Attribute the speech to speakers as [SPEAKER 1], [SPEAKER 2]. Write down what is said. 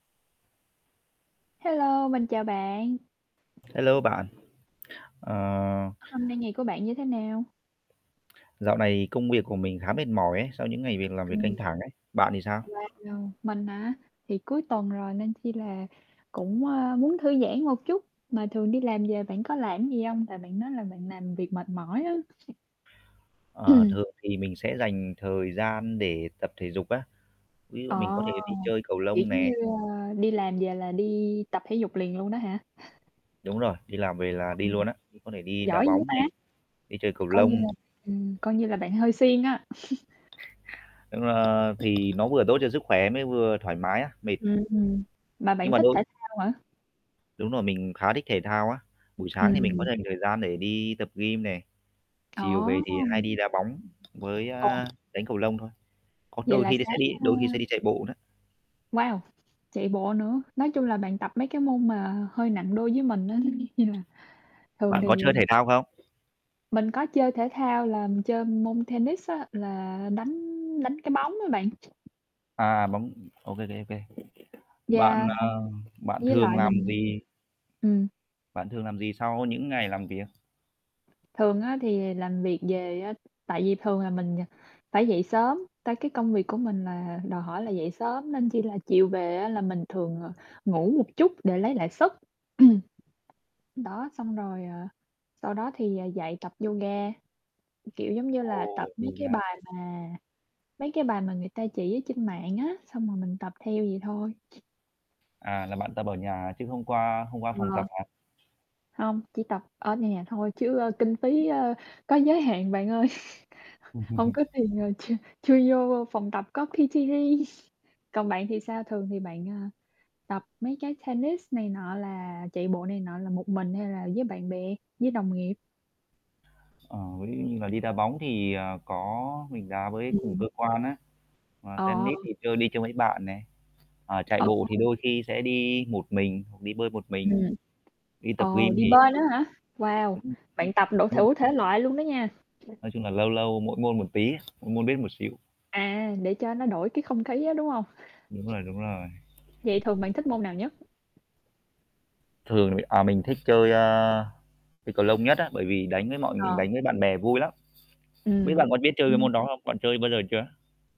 [SPEAKER 1] Hello, mình chào bạn.
[SPEAKER 2] Hello bạn. Ờ
[SPEAKER 1] Hôm nay ngày của bạn như thế nào?
[SPEAKER 2] Dạo này công việc của mình khá mệt mỏi ấy, sau những ngày việc làm việc
[SPEAKER 1] Ừm.
[SPEAKER 2] căng thẳng ấy, bạn thì sao?
[SPEAKER 1] Wow, mình hả? Thì cuối tuần rồi nên khi là cũng, ờ, muốn thư giãn một chút, mà thường đi làm về bạn có làm gì hông? Tại bạn nói là bạn làm việc mệt mỏi á.
[SPEAKER 2] Ờ,
[SPEAKER 1] Ừm.
[SPEAKER 2] thường thì mình sẽ dành thời gian để tập thể dục á, ví dụ mình
[SPEAKER 1] Ờ!
[SPEAKER 2] có thể đi chơi cầu
[SPEAKER 1] Kiểu
[SPEAKER 2] lông
[SPEAKER 1] giống như,
[SPEAKER 2] nè.
[SPEAKER 1] à, đi làm về là đi tập thể dục liền luôn đó hả?
[SPEAKER 2] Đúng rồi, đi làm về là đi luôn
[SPEAKER 1] [unintelligible]
[SPEAKER 2] á, có thể đi đá
[SPEAKER 1] Giỏi dữ
[SPEAKER 2] bóng
[SPEAKER 1] ta?
[SPEAKER 2] này, đi chơi cầu
[SPEAKER 1] Coi như
[SPEAKER 2] lông.
[SPEAKER 1] là, ừm, coi như là bạn hơi siêng á.
[SPEAKER 2] Đúng ra thì nó vừa tốt cho sức khỏe mới vừa thoải mái á mệt.
[SPEAKER 1] Ừm, mà
[SPEAKER 2] Nhưng
[SPEAKER 1] bạn
[SPEAKER 2] mà
[SPEAKER 1] thích
[SPEAKER 2] đôi
[SPEAKER 1] thể thao hả?
[SPEAKER 2] Đúng rồi, mình khá thích thể thao á, buổi sáng thì mình có
[SPEAKER 1] Ừm.
[SPEAKER 2] dành thời gian để đi tập gym nè, chiều về thì
[SPEAKER 1] Ồ!
[SPEAKER 2] hay đi đá bóng với,
[SPEAKER 1] Ồ!
[SPEAKER 2] a, đánh cầu lông thôi, có
[SPEAKER 1] Vậy
[SPEAKER 2] đôi
[SPEAKER 1] là
[SPEAKER 2] khi sẽ
[SPEAKER 1] sáng,
[SPEAKER 2] đi
[SPEAKER 1] ơ
[SPEAKER 2] đôi khi sẽ đi chạy bộ nữa.
[SPEAKER 1] Wow! Chạy bộ nữa, nói chung là bạn tập mấy cái môn mà hơi nặng đôi với mình á, [unintelligible] thường
[SPEAKER 2] Bạn có
[SPEAKER 1] thì à
[SPEAKER 2] chơi thể thao không?
[SPEAKER 1] Mình có chơi thể thao là mình chơi môn tennis á, là, đánh đánh cái bóng á bạn.
[SPEAKER 2] À, bóng ô kê, ô kê, ô kê. Bạn
[SPEAKER 1] Yeah.
[SPEAKER 2] à bạn
[SPEAKER 1] Với
[SPEAKER 2] thường
[SPEAKER 1] lại
[SPEAKER 2] làm
[SPEAKER 1] mình
[SPEAKER 2] gì?
[SPEAKER 1] Ừm.
[SPEAKER 2] Bạn thường làm gì sau những ngày làm việc?
[SPEAKER 1] Thường á thì làm việc về á tại vì thường là mình, ờ, phải dậy sớm, tại cái công việc của mình là đòi hỏi là dậy sớm nên chi là chiều về á, là mình thường, ờ, ngủ một chút để lấy lại sức. Ừm. Đó, xong rồi, à, sau đó thì, ờ, dậy tập yoga, kiểu giống như là tập
[SPEAKER 2] Ồ,
[SPEAKER 1] mấy cái
[SPEAKER 2] yoga.
[SPEAKER 1] bài mà mấy cái bài mà người ta chỉ ở trên mạng á, xong rồi mình tập theo vậy thôi.
[SPEAKER 2] À, là bạn tập ở nhà chứ không qua không qua phòng
[SPEAKER 1] Ờ.
[SPEAKER 2] tập hả?
[SPEAKER 1] Hông, chỉ tập ở nhà thôi chứ, ơ, kinh phí, ơ, có giới hạn bạn ơi, hông có tiền, ờ, chưa chưa vô phòng tập có PT riêng. Còn bạn thì sao, thường thì bạn, ờ, tập mấy cái tennis này nọ là chạy bộ này nọ là một mình hay là với bạn bè, với đồng nghiệp?
[SPEAKER 2] Ờ, ví dụ như là đi đá bóng thì, ờ, có mình đá với cùng
[SPEAKER 1] Ừm.
[SPEAKER 2] cơ quan á, ờ,
[SPEAKER 1] Ờ.
[SPEAKER 2] tennis thì chơi đi chơi với bạn nè, ờ, chạy
[SPEAKER 1] Ừ.
[SPEAKER 2] bộ thì
[SPEAKER 1] [unintelligible]
[SPEAKER 2] đôi khi sẽ đi một mình hoặc đi bơi một mình,
[SPEAKER 1] Ừm.
[SPEAKER 2] đi tập
[SPEAKER 1] Ờ,
[SPEAKER 2] gym
[SPEAKER 1] đi
[SPEAKER 2] thì,
[SPEAKER 1] bơi
[SPEAKER 2] ờ,
[SPEAKER 1] nữa hả? Wow,
[SPEAKER 2] ừm
[SPEAKER 1] bạn tập đủ
[SPEAKER 2] [unintelligible]
[SPEAKER 1] thủ thể loại luôn đó nha.
[SPEAKER 2] Nói chung là lâu lâu mỗi môn một tí, mỗi môn biết một xíu.
[SPEAKER 1] À, để cho nó đổi cái không khí á, đúng hông?
[SPEAKER 2] Đúng rồi, đúng rồi.
[SPEAKER 1] Vậy thường bạn thích môn nào nhất?
[SPEAKER 2] Thường thì à, mình thích chơi, a, chơi cầu lông nhất á, bởi vì đánh với mọi
[SPEAKER 1] Ờ.
[SPEAKER 2] đánh với bạn bè vui lắm. Không biết
[SPEAKER 1] Ừm,
[SPEAKER 2] bạn có biết chơi cái
[SPEAKER 1] ừm.
[SPEAKER 2] môn đó không? Bạn chơi bao giờ chưa?